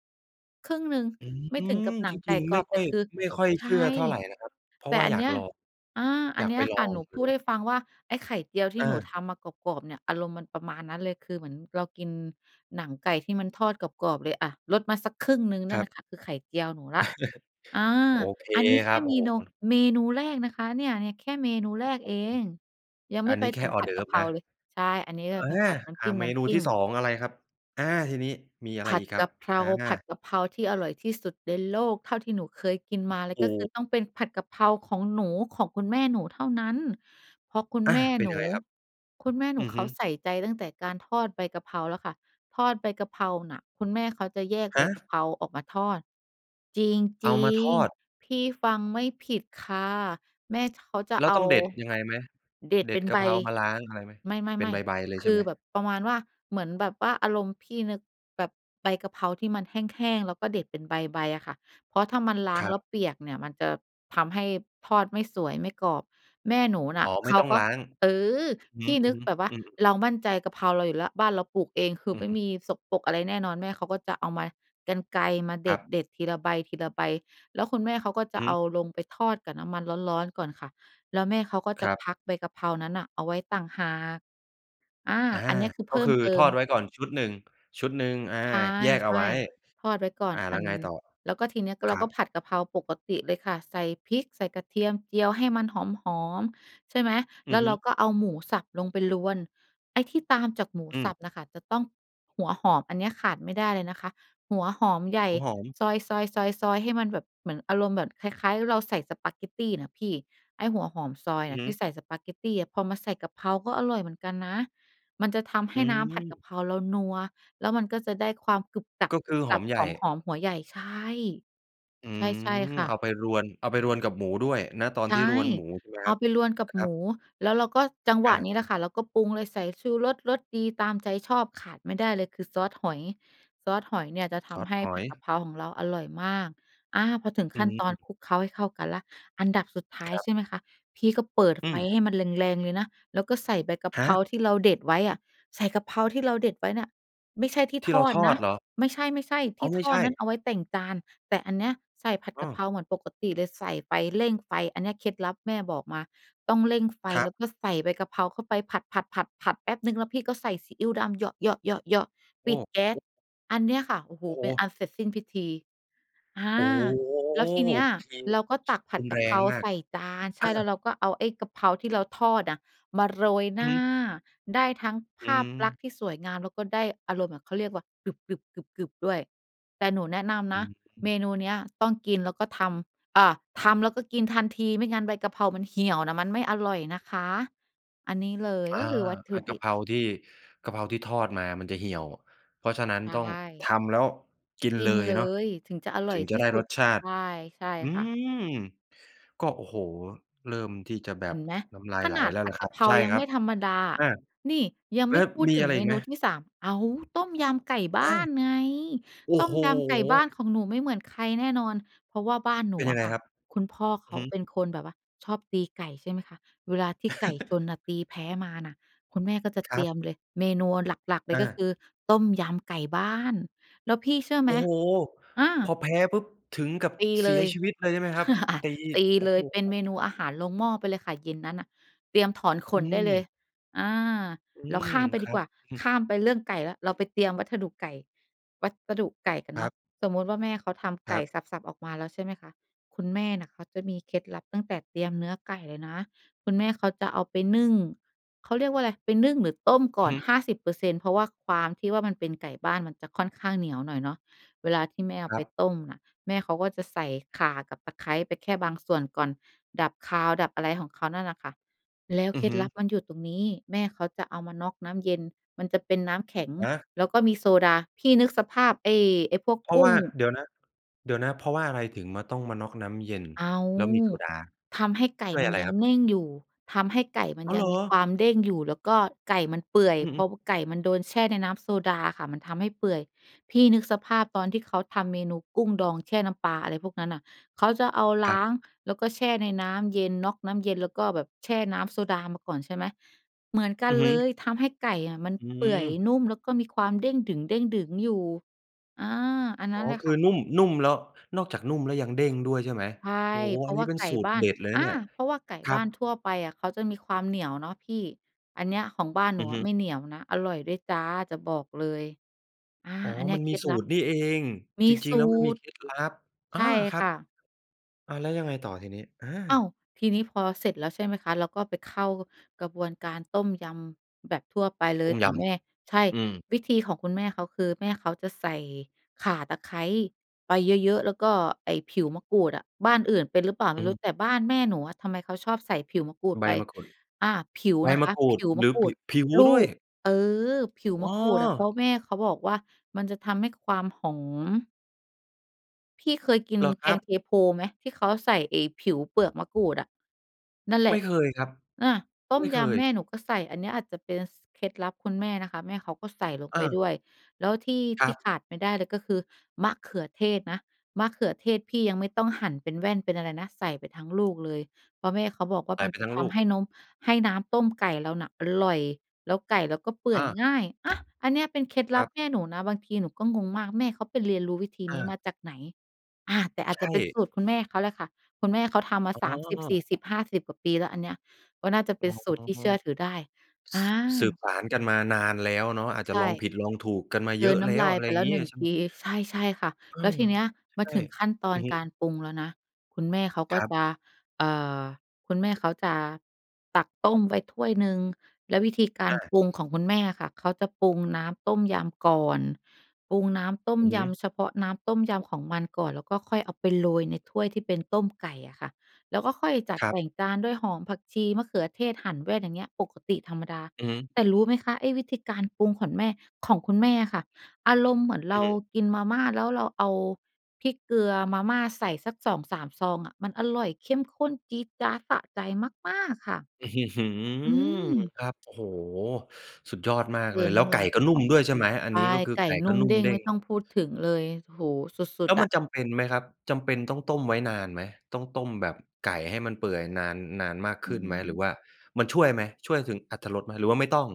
Speaker 2: ครึ่งหนึ่ง
Speaker 1: อื
Speaker 2: ไม่ถึง
Speaker 1: ม
Speaker 2: กับหนั
Speaker 1: จ
Speaker 2: งไก
Speaker 1: ริ
Speaker 2: ่
Speaker 1: ง ๆ
Speaker 2: ก
Speaker 1: ไ
Speaker 2: ร
Speaker 1: ม่
Speaker 2: อบ
Speaker 1: ค
Speaker 2: แต
Speaker 1: ่อ
Speaker 2: ่
Speaker 1: ย
Speaker 2: คือ
Speaker 1: ไม่ค่อย
Speaker 2: ใช
Speaker 1: เชื่อ
Speaker 2: ่
Speaker 1: เท่าไรนะครับ เพรา
Speaker 2: แต
Speaker 1: ะว
Speaker 2: ่
Speaker 1: ่า
Speaker 2: อั
Speaker 1: อ
Speaker 2: น
Speaker 1: ยา
Speaker 2: เน
Speaker 1: ก
Speaker 2: ี้ย
Speaker 1: ลอง
Speaker 2: อ่า อ
Speaker 1: อ
Speaker 2: ั
Speaker 1: ย
Speaker 2: น
Speaker 1: าก
Speaker 2: เนี
Speaker 1: ไ
Speaker 2: ้
Speaker 1: ป
Speaker 2: ย
Speaker 1: ล
Speaker 2: ค
Speaker 1: อ
Speaker 2: ่ะ
Speaker 1: ง
Speaker 2: หนู
Speaker 1: เล
Speaker 2: พู
Speaker 1: ย
Speaker 2: ด
Speaker 1: อ
Speaker 2: ใ
Speaker 1: ะ
Speaker 2: ห้ฟังว่า ไอ้ไข่เจียวที่
Speaker 1: อ
Speaker 2: หนูท
Speaker 1: า
Speaker 2: ำมากรอบ ๆ เนี่ย อารมณ์มันประมาณนั้นเลย คือเหมือนเรากินหนังไก่ที่มันทอดกรอบ ๆ เลยอะ ลดมาสักครึ่งหนึ่งน
Speaker 1: ค
Speaker 2: ั่
Speaker 1: ร
Speaker 2: น
Speaker 1: ั
Speaker 2: น่
Speaker 1: บ
Speaker 2: ะค่ะ คือไข่เจียวหนูแล้ว อา
Speaker 1: โอเค
Speaker 2: อันนี้
Speaker 1: ค
Speaker 2: แค
Speaker 1: รั
Speaker 2: ่
Speaker 1: บ โอ
Speaker 2: เม
Speaker 1: ้โฮ
Speaker 2: โน
Speaker 1: คน
Speaker 2: เมนูแรกนะคะเนี่ย เนี่ยแค่เมนูแรก
Speaker 1: อ๋อ
Speaker 2: เอง ยังไ
Speaker 1: อ
Speaker 2: ม
Speaker 1: ั
Speaker 2: ่
Speaker 1: น
Speaker 2: ไ
Speaker 1: น
Speaker 2: ป
Speaker 1: ี้แค
Speaker 2: ถ
Speaker 1: ่
Speaker 2: ึง
Speaker 1: ออ
Speaker 2: ผั
Speaker 1: เ
Speaker 2: ด
Speaker 1: ดิ
Speaker 2: ก
Speaker 1: ร์
Speaker 2: ะ
Speaker 1: ฟ
Speaker 2: เพร
Speaker 1: น
Speaker 2: า
Speaker 1: ะ
Speaker 2: เลย ใช่ อันนี้
Speaker 1: อ
Speaker 2: ก็
Speaker 1: า
Speaker 2: แบบน้
Speaker 1: อ
Speaker 2: ำจ
Speaker 1: ่า
Speaker 2: ิ
Speaker 1: เมนู
Speaker 2: ้
Speaker 1: ที
Speaker 2: ม
Speaker 1: ่ ส
Speaker 2: ๆ
Speaker 1: อง อะไรครับ อ่า ทีนี้มีอะไ
Speaker 2: ผ
Speaker 1: ร
Speaker 2: ั
Speaker 1: อ
Speaker 2: ด
Speaker 1: ีกค
Speaker 2: ก
Speaker 1: รับ?
Speaker 2: ะเพรา
Speaker 1: อ
Speaker 2: ผั
Speaker 1: า
Speaker 2: ดกะเพราที่อร่อยที่สุดในโลกเท่าที่หนูเคยกินมาเลย
Speaker 1: โอ
Speaker 2: ก็
Speaker 1: ้
Speaker 2: ค
Speaker 1: โ
Speaker 2: ือ
Speaker 1: ฮ
Speaker 2: ต้องเป็นผัดกะเพราของหนู ของคุณแม่หนูเท่านั้น เพราะคุณ
Speaker 1: อ
Speaker 2: แ
Speaker 1: า
Speaker 2: ม่
Speaker 1: เป็น
Speaker 2: หน
Speaker 1: ยั
Speaker 2: ู
Speaker 1: งไงครับ?
Speaker 2: คุณแม่หนู
Speaker 1: อือ
Speaker 2: เข
Speaker 1: ฮึ
Speaker 2: าใส่ใจตั้งแต่การทอดใบกะเพราแล้วค่ะ ทอดใบกะเพราน่ะ คุณแม่เขาจะแยกใ
Speaker 1: ฮ
Speaker 2: บกะ
Speaker 1: ะ?
Speaker 2: เพราออกมาทอด จ
Speaker 1: เอา
Speaker 2: ริ
Speaker 1: มาท
Speaker 2: ง
Speaker 1: อด
Speaker 2: ๆ พี่ฟังไม่ผิดค่ะ แม่เขาจะ
Speaker 1: แล้
Speaker 2: เ
Speaker 1: ว
Speaker 2: อ
Speaker 1: ต
Speaker 2: า
Speaker 1: ้องเด็ดยังไงไหม
Speaker 2: เด็ด
Speaker 1: เด
Speaker 2: เ
Speaker 1: ็
Speaker 2: ป็
Speaker 1: ด
Speaker 2: น
Speaker 1: ก
Speaker 2: ใ
Speaker 1: ะ
Speaker 2: บ
Speaker 1: เพรามาล้างอะไรไหม?
Speaker 2: ไ
Speaker 1: เป็
Speaker 2: ม
Speaker 1: น
Speaker 2: ่
Speaker 1: ใบ
Speaker 2: ๆ
Speaker 1: ๆ เล
Speaker 2: ๆ
Speaker 1: ย
Speaker 2: ค
Speaker 1: ใช่
Speaker 2: ื
Speaker 1: ไ
Speaker 2: อ
Speaker 1: หม?
Speaker 2: แบบประมาณว่า เหมือนแบบว่าอารมณ์พี่นึกแบบใบกะเพราที่มันแห้ง ๆ แล้วก็เด็ดเป็นใบ ๆ อะค่ะ เพราะถ้ามันล้า
Speaker 1: ค
Speaker 2: ง
Speaker 1: ร
Speaker 2: แ
Speaker 1: ั
Speaker 2: ล้
Speaker 1: บ
Speaker 2: วเปียกเนี่ยมันจะทำให้ทอดไม่สวย ไม่กรอบ แม่หนูน
Speaker 1: อ๋
Speaker 2: ่ะ
Speaker 1: อ ไ
Speaker 2: เ
Speaker 1: ม
Speaker 2: ข
Speaker 1: ่
Speaker 2: า
Speaker 1: ต้อง
Speaker 2: ก็
Speaker 1: ล้าง
Speaker 2: เออ
Speaker 1: อื
Speaker 2: พี
Speaker 1: อ
Speaker 2: ่
Speaker 1: ฮ
Speaker 2: นึก
Speaker 1: ึ
Speaker 2: แบบว่
Speaker 1: ๆ
Speaker 2: า
Speaker 1: อือ
Speaker 2: เรามั่นใจกะเพราเราอยู่แล้ว บ้านเราปลูกเองคือ
Speaker 1: อื
Speaker 2: ไม
Speaker 1: อ
Speaker 2: ่
Speaker 1: ฮึ
Speaker 2: มีสกปรกอะไรแน่นอน แม่เขาก็จะเอามา กรรไกรมาเ
Speaker 1: ครับ
Speaker 2: ด็ด ๆ ทีละใบ ทีละใบ แล้วคุณแม่เขาก็จ
Speaker 1: อ
Speaker 2: ะ
Speaker 1: ือฮ
Speaker 2: เอา
Speaker 1: ึ
Speaker 2: ลงไปทอดกับน้ำมันร้อน ๆ ก่อนค่ะ แล้วแม่เขาก็จ
Speaker 1: ค
Speaker 2: ะ
Speaker 1: รับ
Speaker 2: พักใบกะเพรานั้นน่ะ เอาไว้ต่างหาก อ่า
Speaker 1: อา
Speaker 2: อันนี้คือเ
Speaker 1: ก
Speaker 2: พ
Speaker 1: ็
Speaker 2: ิ่
Speaker 1: ค
Speaker 2: ม
Speaker 1: ือ
Speaker 2: เติ
Speaker 1: ท
Speaker 2: ม
Speaker 1: อดไว้ก่อนชุดหนึ่ง ชุดหนึ่ง อ่า
Speaker 2: ใช่
Speaker 1: แยกเ
Speaker 2: ใ
Speaker 1: อ
Speaker 2: ช
Speaker 1: าไว
Speaker 2: ่
Speaker 1: ้
Speaker 2: ทอดไว้ก่อ
Speaker 1: อ
Speaker 2: น
Speaker 1: า
Speaker 2: อ
Speaker 1: แล
Speaker 2: ั
Speaker 1: ้ว
Speaker 2: น
Speaker 1: ไงต่อ
Speaker 2: แล้วก็ทีเนี้ย ก
Speaker 1: ค
Speaker 2: เรา
Speaker 1: รั
Speaker 2: ก็
Speaker 1: บ
Speaker 2: ผัดกะเพราปกติเลยค่ะ ใส่พริก ใส่กระเทียม เจียวให้มันหอม ๆ ใช่ไหม
Speaker 1: อ
Speaker 2: แ
Speaker 1: ื
Speaker 2: ล้
Speaker 1: อ
Speaker 2: ว
Speaker 1: ฮ
Speaker 2: เรา
Speaker 1: ึ
Speaker 2: ก็เอาหมูสับลงไปรวน ไอ้ที่ตามจากหมู
Speaker 1: อ
Speaker 2: ส
Speaker 1: ืม
Speaker 2: ับน่ะค่ะ จะต้องหัวหอม อันเนี้ยขาดไม่ได้เลยนะคะ หัวหอมใหญ่
Speaker 1: หัวหอม
Speaker 2: ซอย ๆ ๆ ๆ ให้มันแบบ เหมือนอารมณ์แบบคล้าย ๆ เราใส่สปาเกตตีน่ะพี่ ไอ้หัวหอมซอย
Speaker 1: อื
Speaker 2: น่
Speaker 1: อ
Speaker 2: ะ
Speaker 1: ฮ
Speaker 2: ท
Speaker 1: ึ
Speaker 2: ี่ใส่สปาเกตตีอะ พอมาใส่กะเพราก็อร่อยเหมือนกันนะ มันจะทำให
Speaker 1: อื
Speaker 2: ้น้ำผัดก
Speaker 1: ม
Speaker 2: ะเพราเรานัว แล้วมันก็จะได้ความกรึบก
Speaker 1: ก็คือห
Speaker 2: รั
Speaker 1: อ
Speaker 2: บ
Speaker 1: มใ
Speaker 2: ๆ
Speaker 1: หญ
Speaker 2: ข
Speaker 1: ่
Speaker 2: องหอมหัวใหญ่ ใช่
Speaker 1: อื
Speaker 2: ใช่
Speaker 1: ม
Speaker 2: ๆ ค่
Speaker 1: เอ
Speaker 2: ะ
Speaker 1: าไปรวน เอาไปรวนกับหมูด้วย ณ ตอน
Speaker 2: ใช
Speaker 1: ที่
Speaker 2: ่
Speaker 1: รวนหมูใช่ไหม
Speaker 2: เอ
Speaker 1: คร
Speaker 2: า
Speaker 1: ับ?
Speaker 2: ไปรวนกับ
Speaker 1: คร
Speaker 2: หม
Speaker 1: ับ
Speaker 2: ู แล้วเราก็จังห
Speaker 1: อ
Speaker 2: วะ
Speaker 1: า
Speaker 2: นี้แหละค่ะ เราก็ปรุงเลยใส่ชูรส รสดีตามใจชอบขาดไม่ได้เลย คือซอสหอย ซอสหอยเนี่ยจะท
Speaker 1: ซอส
Speaker 2: ำให้
Speaker 1: ห
Speaker 2: ผ
Speaker 1: อ
Speaker 2: ัดก
Speaker 1: ย
Speaker 2: ะเพราของเราอร่อยมาก อา พอถึง
Speaker 1: อื
Speaker 2: ขั้นตอน
Speaker 1: ม
Speaker 2: คลุกเคล้าให้เข้ากันแล้ว อันดับสุดท้า
Speaker 1: ค
Speaker 2: ย
Speaker 1: รั
Speaker 2: ใ
Speaker 1: บ
Speaker 2: ช่ไหมคะ พี่ก็เปิด
Speaker 1: อื
Speaker 2: ไฟ
Speaker 1: ม
Speaker 2: ให้มันแรง ๆ เลยนะ แล้วก็ใส่ใบกะ
Speaker 1: ฮ
Speaker 2: เพรา
Speaker 1: ะ
Speaker 2: ที่เราเด็ดไว้อะ ใส่กะเพราที่เราเด็ดไว้น่ะ ไม่ใช่ที่
Speaker 1: ที่
Speaker 2: ท
Speaker 1: เรา
Speaker 2: อด
Speaker 1: ทอ
Speaker 2: น
Speaker 1: ด
Speaker 2: ะ
Speaker 1: เหรอ?
Speaker 2: ไม่ใช่ ๆ ท
Speaker 1: อ๋
Speaker 2: ี
Speaker 1: อ
Speaker 2: ่
Speaker 1: ไม
Speaker 2: ท
Speaker 1: ่
Speaker 2: อ
Speaker 1: ใช
Speaker 2: ด
Speaker 1: ่
Speaker 2: นั้นเอาไว้แต่งจาน แต่อันเนี้ยใส่ผัด
Speaker 1: อ
Speaker 2: ก
Speaker 1: ๋
Speaker 2: ะเพรา
Speaker 1: อ
Speaker 2: เหมือนปกติเลย ใส่ไฟเร่งไฟอันเนี้ยเคล็ดลับแม่บอกมา ต้องเร่งไฟ
Speaker 1: ครั
Speaker 2: แล้
Speaker 1: บ
Speaker 2: วก็ใส่ใบกะเพราเข้าไปผัด ๆ ๆ ๆ แป๊บหนึ่ง แล้วพี่ก็ใส่ซีอิ๊วดำเหยาะ ๆ ๆ ๆ
Speaker 1: โ
Speaker 2: ป
Speaker 1: อ
Speaker 2: ิด
Speaker 1: ้
Speaker 2: แก๊ส
Speaker 1: [unintelligible]
Speaker 2: อันเนี้ยค่ะ โอ้โฮ
Speaker 1: โอ้โ
Speaker 2: เป็นอั
Speaker 1: ฮ
Speaker 2: นเสร็จสิ้นพิธี อา
Speaker 1: โอ้โ
Speaker 2: แล
Speaker 1: ฮ
Speaker 2: ้วทีเนี้ย
Speaker 1: ที
Speaker 2: เราก็ตักผ
Speaker 1: ร
Speaker 2: ัด
Speaker 1: ุน
Speaker 2: ก
Speaker 1: แ
Speaker 2: ะ
Speaker 1: ร
Speaker 2: เพร
Speaker 1: ง
Speaker 2: า
Speaker 1: มา
Speaker 2: ใ
Speaker 1: ก
Speaker 2: ส่จาน ใช
Speaker 1: อ
Speaker 2: ่ แล้
Speaker 1: า
Speaker 2: วเราก็เอาไอ้กะเพราที่เราทอดน่ะมาโรยห
Speaker 1: อ
Speaker 2: น
Speaker 1: ือ
Speaker 2: ้
Speaker 1: ฮ
Speaker 2: า
Speaker 1: ึ
Speaker 2: ได้ทั้งภ
Speaker 1: อื
Speaker 2: าพลักษ
Speaker 1: ม
Speaker 2: ณ์ที่สวยงามแล้วก็ได้อารมณ์แบบเขาเรียกว่า กรึบ ๆ กรึบ ๆ ด้วย แต่หนูแนะน
Speaker 1: อ
Speaker 2: ำนะ
Speaker 1: ื
Speaker 2: เ
Speaker 1: ม
Speaker 2: มนูเนี้ยต้องกินแล้วก็ทำ อ่า ทำแล้วก็กินทันที ไม่งั้นใบกะเพรามันเหี่ยวนะ มันไม่อร่อยนะคะ อันนี้เลย
Speaker 1: อา
Speaker 2: ก็คือวัตถ
Speaker 1: ไอ
Speaker 2: ุ
Speaker 1: ้ก
Speaker 2: ด
Speaker 1: ะ
Speaker 2: ิ
Speaker 1: เ
Speaker 2: บ
Speaker 1: พราที่ กะเพราที่ทอดมามันจะเหี่ยว เพราะฉะนั้น
Speaker 2: ใช
Speaker 1: ต้องท
Speaker 2: ่
Speaker 1: ำแล้วกิน
Speaker 2: กิ
Speaker 1: เล
Speaker 2: น
Speaker 1: ย
Speaker 2: เล
Speaker 1: เนาะ
Speaker 2: ย ถึงจะอร
Speaker 1: ถ
Speaker 2: ่อ
Speaker 1: ึ
Speaker 2: ย
Speaker 1: งจ
Speaker 2: ท
Speaker 1: ะ
Speaker 2: ี่
Speaker 1: ได้
Speaker 2: สุ
Speaker 1: ร
Speaker 2: ด
Speaker 1: สชาต
Speaker 2: ใช
Speaker 1: ิ
Speaker 2: ่ ใช่
Speaker 1: อื
Speaker 2: ค่ะ
Speaker 1: ม ก็ โอ้โฮ เริ่มที่จะแบ
Speaker 2: เห็
Speaker 1: บ
Speaker 2: นไหม
Speaker 1: น้ำลาย
Speaker 2: ข
Speaker 1: ไหล
Speaker 2: นาด
Speaker 1: แล้ว
Speaker 2: ผั
Speaker 1: ล่
Speaker 2: ด
Speaker 1: ะค
Speaker 2: ก
Speaker 1: รั
Speaker 2: ะ
Speaker 1: บ
Speaker 2: เพรา
Speaker 1: ใช่
Speaker 2: ยัง
Speaker 1: คร
Speaker 2: ไ
Speaker 1: ั
Speaker 2: ม
Speaker 1: บ
Speaker 2: ่ธรรมดา
Speaker 1: อ่า
Speaker 2: นี่ยัง
Speaker 1: แล
Speaker 2: ไ
Speaker 1: ้
Speaker 2: ม่
Speaker 1: ว
Speaker 2: พูด
Speaker 1: มี
Speaker 2: ถึ
Speaker 1: อะ
Speaker 2: ง
Speaker 1: ไร
Speaker 2: เม
Speaker 1: อีกไ
Speaker 2: น
Speaker 1: หม?
Speaker 2: ูที่ 3 อ้าว ต้มยำไก่บ
Speaker 1: เอ
Speaker 2: ้า
Speaker 1: อ
Speaker 2: นไง
Speaker 1: โอ้
Speaker 2: ต้
Speaker 1: โ
Speaker 2: ม
Speaker 1: ฮ
Speaker 2: ยำไก่บ้านของหนูไม่เหมือนใครแน่นอน เพราะว่าบ้านหน
Speaker 1: เ
Speaker 2: ู
Speaker 1: ป็นย
Speaker 2: อ
Speaker 1: ัง
Speaker 2: ะ
Speaker 1: ไง
Speaker 2: ค่ะ
Speaker 1: ครับ?
Speaker 2: คุณพ่อเ
Speaker 1: อ
Speaker 2: ข
Speaker 1: ือ
Speaker 2: า
Speaker 1: ฮึ
Speaker 2: เป็นคนแบบว่าชอบตีไก่ใช่ไหมคะ? เวลาที่ไก่ชนน่ะ ตีแพ้มาน่ะ คุณแม่ก็จะ
Speaker 1: ค
Speaker 2: เต
Speaker 1: ร
Speaker 2: ร
Speaker 1: ั
Speaker 2: ี
Speaker 1: บ
Speaker 2: ยมเลย เมนูหลัก ๆ เลย
Speaker 1: อ
Speaker 2: ก็ค
Speaker 1: า
Speaker 2: ือ ต้มยำไก่บ้าน แล้วพี่เชื่อ
Speaker 1: โ
Speaker 2: ไ
Speaker 1: อ
Speaker 2: ห
Speaker 1: ้
Speaker 2: ม
Speaker 1: โฮ!
Speaker 2: อา
Speaker 1: พอแพ้ปุ๊บ ถึงกับ
Speaker 2: ตี
Speaker 1: เส
Speaker 2: เล
Speaker 1: ีย
Speaker 2: ย
Speaker 1: ชีวิตเลยใช่ไหมครับ? ตี
Speaker 2: ตี
Speaker 1: โอ้
Speaker 2: เล
Speaker 1: โฮ!
Speaker 2: ยเป็นเมนูอาหารลงหม้อไปเลยค่ะ เย็นนั้นน่ะ เตรียมถอนข
Speaker 1: อื
Speaker 2: นได้เล
Speaker 1: ม
Speaker 2: ย อา
Speaker 1: อื
Speaker 2: เรา
Speaker 1: ม
Speaker 2: ข้ามไป
Speaker 1: ค
Speaker 2: ดี
Speaker 1: รั
Speaker 2: กว
Speaker 1: บ
Speaker 2: ่า
Speaker 1: อืม
Speaker 2: ข้ามไปเรื่องไก่แล้ว เราไปเตรียมวัสดุ ไก่ วัสดุไก่กัน
Speaker 1: ค
Speaker 2: เน
Speaker 1: ร
Speaker 2: า
Speaker 1: ับ
Speaker 2: ะ สมมุติว่าแม่เขาทำไ
Speaker 1: ค
Speaker 2: ก
Speaker 1: ร
Speaker 2: ่
Speaker 1: ับ
Speaker 2: สับ ๆ ออกมาแล้วใช่ไหมคะ คุณแม่น่ะเขาจะมีเคล็ดลับตั้งแต่เตรียมเนื้อไก่เลยนะ คุณแม่เขาจะเอาไปนึ่ง เขาเรียกว่าอะไร ไปนึ่งหรือต้มก
Speaker 1: อื
Speaker 2: ่อ
Speaker 1: อฮ
Speaker 2: น
Speaker 1: ึ
Speaker 2: 50% เพราะว่าความที่ว่ามันเป็นไก่บ้านมันจะค่อนข้างเหนียวหน่อยเนาะ เวลาที่แม่เอ
Speaker 1: ค
Speaker 2: า
Speaker 1: ร
Speaker 2: ไป
Speaker 1: ับ
Speaker 2: ต้มน่ะ แม่เขาก็จะใส่ข่ากับตะไคร้ไปแค่บางส่วนก่อน ดับคาว ดับอะไรของเขานั่นน่ะค่ะ แล้ว
Speaker 1: อ
Speaker 2: เ
Speaker 1: ื
Speaker 2: ค
Speaker 1: อ
Speaker 2: ล็
Speaker 1: ฮ
Speaker 2: ด
Speaker 1: ึ
Speaker 2: ลับมันอยู่ตรงนี้ แม่เขาจะเอามาน็อกน้ำเย็น มันจะเป็นน้ำแข็ง
Speaker 1: ฮะ?
Speaker 2: แล้วก็มีโซดา พี่นึกสภาพไอ้ ไอ้พวก
Speaker 1: เพรา
Speaker 2: ก
Speaker 1: ะว
Speaker 2: ุ้
Speaker 1: ่
Speaker 2: ง
Speaker 1: าเดี๋ยวนะ เดี๋ยวนะ เพราะอะไรถึงมา ต้องมาน็อกน้ำเย็น
Speaker 2: อ้าว
Speaker 1: แล้วมีโซดา
Speaker 2: ทำให้ไก
Speaker 1: ช
Speaker 2: ่
Speaker 1: ่วย
Speaker 2: มั
Speaker 1: อะ
Speaker 2: น
Speaker 1: ไร
Speaker 2: ยั
Speaker 1: ค
Speaker 2: ง
Speaker 1: รับ?
Speaker 2: เน่งอยู่ ทำให้ไก่มัน
Speaker 1: อ้าว
Speaker 2: ยั
Speaker 1: เห
Speaker 2: ง
Speaker 1: รอ?
Speaker 2: มีความเด้งอยู่แล้วก็ไก่มันเปื่อย
Speaker 1: อื
Speaker 2: เพ
Speaker 1: ม
Speaker 2: รา
Speaker 1: ๆ
Speaker 2: ะไก่มันโดนแช่ในน้ำโซดาค่ะ มันทำให้เปื่อย พี่นึกสภาพตอนที่เขาทำเมนูกุ้งดองแช่น้ำปลา อะไรพวกนั้นน่ะ เขาจะเอาล
Speaker 1: ครั
Speaker 2: ้
Speaker 1: บ
Speaker 2: าง แล้วก็แช่ในน้ำเย็น น็อกน้ำเย็น แล้วก็แบบแช่น้ำโซดามาก่อน ใช่ไหม เหมือนกั
Speaker 1: อ
Speaker 2: น
Speaker 1: ือฮ
Speaker 2: เ
Speaker 1: ึ
Speaker 2: ลยทำให้ไก่อะมัน
Speaker 1: อื
Speaker 2: เปื่อย
Speaker 1: ม
Speaker 2: นุ่ม แล้วก็มีความเด้งดึ๋ง ๆ อยู่ อา อันน
Speaker 1: อ
Speaker 2: ั
Speaker 1: ๋อ
Speaker 2: ้นแหละ
Speaker 1: คื
Speaker 2: ค
Speaker 1: อ
Speaker 2: ่ะ
Speaker 1: นุ่ม นุ่มแล้ว นอกจากนุ่มแล้วยังเด้งด้วยใช่ไหม?
Speaker 2: ใช่
Speaker 1: โอ้โฮ
Speaker 2: เพ
Speaker 1: อ
Speaker 2: ร
Speaker 1: ั
Speaker 2: าะ
Speaker 1: นนี
Speaker 2: ว
Speaker 1: ้
Speaker 2: ่า
Speaker 1: เป็น
Speaker 2: ไก่
Speaker 1: สู
Speaker 2: บ
Speaker 1: ตร
Speaker 2: ้า
Speaker 1: เ
Speaker 2: น
Speaker 1: ด็ดเลย
Speaker 2: อ
Speaker 1: น
Speaker 2: ่
Speaker 1: ะ
Speaker 2: า
Speaker 1: เนี่ย
Speaker 2: เพราะว่าไก่
Speaker 1: คร
Speaker 2: บ
Speaker 1: ั
Speaker 2: ้า
Speaker 1: บ
Speaker 2: นทั่วไปอะ เขาจะมีความเหนียวเนาะพี่ อันเนี้ยของบ้านหน
Speaker 1: อ
Speaker 2: ู
Speaker 1: ือ
Speaker 2: อ
Speaker 1: ฮ
Speaker 2: ะไ
Speaker 1: ึ
Speaker 2: ม่เหนียวนะ อร่อยด้วยจ้า จะบอกเลย อา
Speaker 1: อ๋อ
Speaker 2: อันเนี้
Speaker 1: ม
Speaker 2: ย
Speaker 1: ัน
Speaker 2: เค
Speaker 1: ม
Speaker 2: ล
Speaker 1: ี
Speaker 2: ็ด
Speaker 1: สู
Speaker 2: ลับ
Speaker 1: ตรนี่เอง
Speaker 2: มี
Speaker 1: จร
Speaker 2: ส
Speaker 1: ิง
Speaker 2: ู
Speaker 1: ๆ แล้วมันมี
Speaker 2: ตร
Speaker 1: เคล็ดลับ
Speaker 2: ใ
Speaker 1: อ้
Speaker 2: ช
Speaker 1: อ
Speaker 2: ่
Speaker 1: ครั
Speaker 2: ค
Speaker 1: บ
Speaker 2: ่ะ
Speaker 1: อ้าว แล้วยังไงต่อทีนี้? อา
Speaker 2: อ้าว ทีนี้พอเสร็จแล้วใช่ไหมคะ แล้วก็ไปเข้ากระบวนการต้มยำแบบทั่วไปเล
Speaker 1: ต
Speaker 2: ย
Speaker 1: ้ม
Speaker 2: แต
Speaker 1: ย
Speaker 2: ่แม่ ใช่
Speaker 1: ำ อืม
Speaker 2: วิธีของคุณแม่เขา คือแม่เขาจะใส่ข่าตะไคร้ไปเยอะ ๆ แล้วก็ไอ้ผิวมะกรูดอะ บ้านอื่นเป็นหรือเปล่าไ
Speaker 1: อ
Speaker 2: ม่
Speaker 1: ื
Speaker 2: รู้
Speaker 1: ม
Speaker 2: แต่บ้านแม่หนูอะทำไมเขาชอบใส่ผิวมะกรูด
Speaker 1: ใบ
Speaker 2: ไป
Speaker 1: มะกรูด
Speaker 2: อ่า ผิว
Speaker 1: ใบ
Speaker 2: นะ
Speaker 1: ม
Speaker 2: ค
Speaker 1: ะ
Speaker 2: ะ
Speaker 1: กรู
Speaker 2: ผ
Speaker 1: ด
Speaker 2: ิว
Speaker 1: ห
Speaker 2: ม
Speaker 1: ร
Speaker 2: ะ
Speaker 1: ือ
Speaker 2: กรู
Speaker 1: ผิ
Speaker 2: ด
Speaker 1: ผิว
Speaker 2: ลู
Speaker 1: ด้วย
Speaker 2: ก เออ ผิวม
Speaker 1: อ้
Speaker 2: ะ
Speaker 1: อ
Speaker 2: กรูดอะ เพราะแม่เขาบอกว่ามันจะทำให้ความหอม พี่เคยกิ
Speaker 1: เ
Speaker 2: น
Speaker 1: หรอค
Speaker 2: แก
Speaker 1: รับ?
Speaker 2: งเทโพไหม ที่เขาใส่ไอ้ผิวเปลือกมะกรูดอะ นั่นแห
Speaker 1: ไ
Speaker 2: ล
Speaker 1: ม่
Speaker 2: ะ
Speaker 1: เคยครับ
Speaker 2: อ่า ต้
Speaker 1: ไ
Speaker 2: ม
Speaker 1: ม่เ
Speaker 2: ย
Speaker 1: ค
Speaker 2: ำแ
Speaker 1: ย
Speaker 2: ม่หนูก็ใส่ อันนี้อาจจะเป็น ส เคล็ดลับคุณแม่นะคะ แม่เขาก็ใส่ลงไป
Speaker 1: อ
Speaker 2: ด
Speaker 1: า
Speaker 2: ้วย แล้วที่ ท
Speaker 1: ค
Speaker 2: ี่ข
Speaker 1: รับ
Speaker 2: าดไม่ได้เลยก็คือมะเขือเทศนะ มะเขือเทศพี่ยังไม่ต้องหั่นเป็นแว่น เป็นอะไรนะ ใส่ไปทั้งลูกเลย เพราะแม่เขาบอกว่า
Speaker 1: ใส
Speaker 2: ม
Speaker 1: ่
Speaker 2: ัน
Speaker 1: ไป
Speaker 2: จะ
Speaker 1: ทั้ง
Speaker 2: ท
Speaker 1: ลูก
Speaker 2: ำให้นม ให้น้ำต้มไก่เราน่ะอร่อย แล้วไก่เราก็เปื
Speaker 1: อ
Speaker 2: ่อย
Speaker 1: า
Speaker 2: ง่าย อ๊ะ อันเนี้ยเป็นเคล็ดล
Speaker 1: ค
Speaker 2: ั
Speaker 1: รั
Speaker 2: บ
Speaker 1: บ
Speaker 2: แม่หนูนะ บางทีหนูก็งงมาก แม่เขาไปเรียนรู้วิธีน
Speaker 1: อ
Speaker 2: ี้ม
Speaker 1: า
Speaker 2: าจากไหน อ่า แต่อา
Speaker 1: ใ
Speaker 2: จ
Speaker 1: ช
Speaker 2: จะ
Speaker 1: ่
Speaker 2: เป็นสูตรคุณแม่เขาแหละค่ะ คุณแม่เขาทำมา
Speaker 1: อ
Speaker 2: ส
Speaker 1: ๋
Speaker 2: า
Speaker 1: อ
Speaker 2: มสิบ 40 50 กว่าปีแล้ว อันเนี้ยก็น่าจะเป
Speaker 1: อ๋
Speaker 2: ็
Speaker 1: อ
Speaker 2: นสูตรที่เชื่อถือได้ อ
Speaker 1: ส สืบ
Speaker 2: า
Speaker 1: สารกันมานานแล้วเนาะ อาจ
Speaker 2: ใ
Speaker 1: จ
Speaker 2: ช
Speaker 1: ะล
Speaker 2: ่
Speaker 1: องผิดลองถูกกันมา
Speaker 2: ก
Speaker 1: เ
Speaker 2: ล
Speaker 1: ยอ
Speaker 2: ื
Speaker 1: ะ
Speaker 2: นน
Speaker 1: แ
Speaker 2: ้
Speaker 1: ล้
Speaker 2: ำล
Speaker 1: ว
Speaker 2: า
Speaker 1: อ
Speaker 2: ย
Speaker 1: ะไร
Speaker 2: ไป
Speaker 1: อย่
Speaker 2: แ
Speaker 1: า
Speaker 2: ล
Speaker 1: ง
Speaker 2: ้ว
Speaker 1: งี้
Speaker 2: หนึ
Speaker 1: อ
Speaker 2: ่ง
Speaker 1: ะ ใช่
Speaker 2: ท
Speaker 1: ไหม?
Speaker 2: ี ใช่ ใช่ค่ะ
Speaker 1: อื
Speaker 2: แล้วท
Speaker 1: อ
Speaker 2: ีเนี้ยม
Speaker 1: ใ
Speaker 2: า
Speaker 1: ช่
Speaker 2: ถึงขั้นตอ
Speaker 1: อื
Speaker 2: น
Speaker 1: อฮ
Speaker 2: การ
Speaker 1: ึ
Speaker 2: ปรุงแล้วนะ คุณแม่เขาก
Speaker 1: ค
Speaker 2: ็
Speaker 1: รั
Speaker 2: จ
Speaker 1: บ
Speaker 2: ะ เอ่อ คุณแม่เขาจะตักต้มไปถ้วยหนึ่ง แล้ววิธีกา
Speaker 1: อ
Speaker 2: ร
Speaker 1: า
Speaker 2: ปรุงของคุณแม่อะค่ะเขาจะปรุงน้ำต้มยำก่อน ปรุงน้ำต้ม
Speaker 1: อือฮ
Speaker 2: ย
Speaker 1: ึ
Speaker 2: ำเฉพาะน้ำต้มยำของมันก่อน แล้วก็ค่อยเอาไปโรยในถ้วยที่เป็นต้มไก่อะค่ะ แล้วก็ค่อยจัด
Speaker 1: ครั
Speaker 2: แต
Speaker 1: บ
Speaker 2: ่งจานด้วยหอม ผักชี มะเขือเทศหั่นแว่น อย่างเงี้ย ปกติธรรมดา
Speaker 1: อือฮึ
Speaker 2: แต่รู้ไหมคะไอ้วิธีการปรุงขอนแม่ ของคุณแม่อะค่ะ อารมณ์เหมือนเ
Speaker 1: อ
Speaker 2: ร
Speaker 1: ื
Speaker 2: า
Speaker 1: อ
Speaker 2: กินมาม่าแล้วเราเอาพริกเกลือมาม่าใส่สัก 2-3 ซองอะ มันอร่อย เข้มข้น จี๊ดจ๊าด สะใจมาก ๆ ค่ะ
Speaker 1: อื้อฮือ
Speaker 2: อืม
Speaker 1: ครับ โอ้โฮ สุดยอดมาก
Speaker 2: กล
Speaker 1: เล
Speaker 2: ื
Speaker 1: ย
Speaker 2: น
Speaker 1: แล้
Speaker 2: น้
Speaker 1: วไ
Speaker 2: ำ
Speaker 1: ก
Speaker 2: ล
Speaker 1: ่
Speaker 2: ายไ
Speaker 1: ก
Speaker 2: ป
Speaker 1: ็นุ
Speaker 2: ส
Speaker 1: ่
Speaker 2: อ
Speaker 1: ม
Speaker 2: ง
Speaker 1: ด้ว
Speaker 2: ท
Speaker 1: ยใช่
Speaker 2: ี
Speaker 1: ไหม อั
Speaker 2: ใ
Speaker 1: น
Speaker 2: ช
Speaker 1: นี้
Speaker 2: ่
Speaker 1: ก็คือ
Speaker 2: ไก
Speaker 1: ไก
Speaker 2: ่
Speaker 1: ่
Speaker 2: น
Speaker 1: ก็
Speaker 2: ุ่ม
Speaker 1: นุ่
Speaker 2: เด
Speaker 1: ม
Speaker 2: ้ง
Speaker 1: เด้
Speaker 2: ไม่
Speaker 1: ง?
Speaker 2: ต้องพูดถึงเลย โอ้โฮ สุ
Speaker 1: แ
Speaker 2: ด
Speaker 1: ล้ว
Speaker 2: ๆ อ
Speaker 1: ม
Speaker 2: ะ
Speaker 1: ันจำเป็นไหมครับ จำเป็นต้องต้มไว้นานไหม ต้องต้มแบบไก่ให้มันเปื่อยนาน นานมาก
Speaker 2: อ
Speaker 1: ข
Speaker 2: ื
Speaker 1: ึ้นไหม หรื
Speaker 2: ม
Speaker 1: อว่ามันช่วยไหม ช่วยถึงอรรถรสไหม หรือว่าไม่ต้อง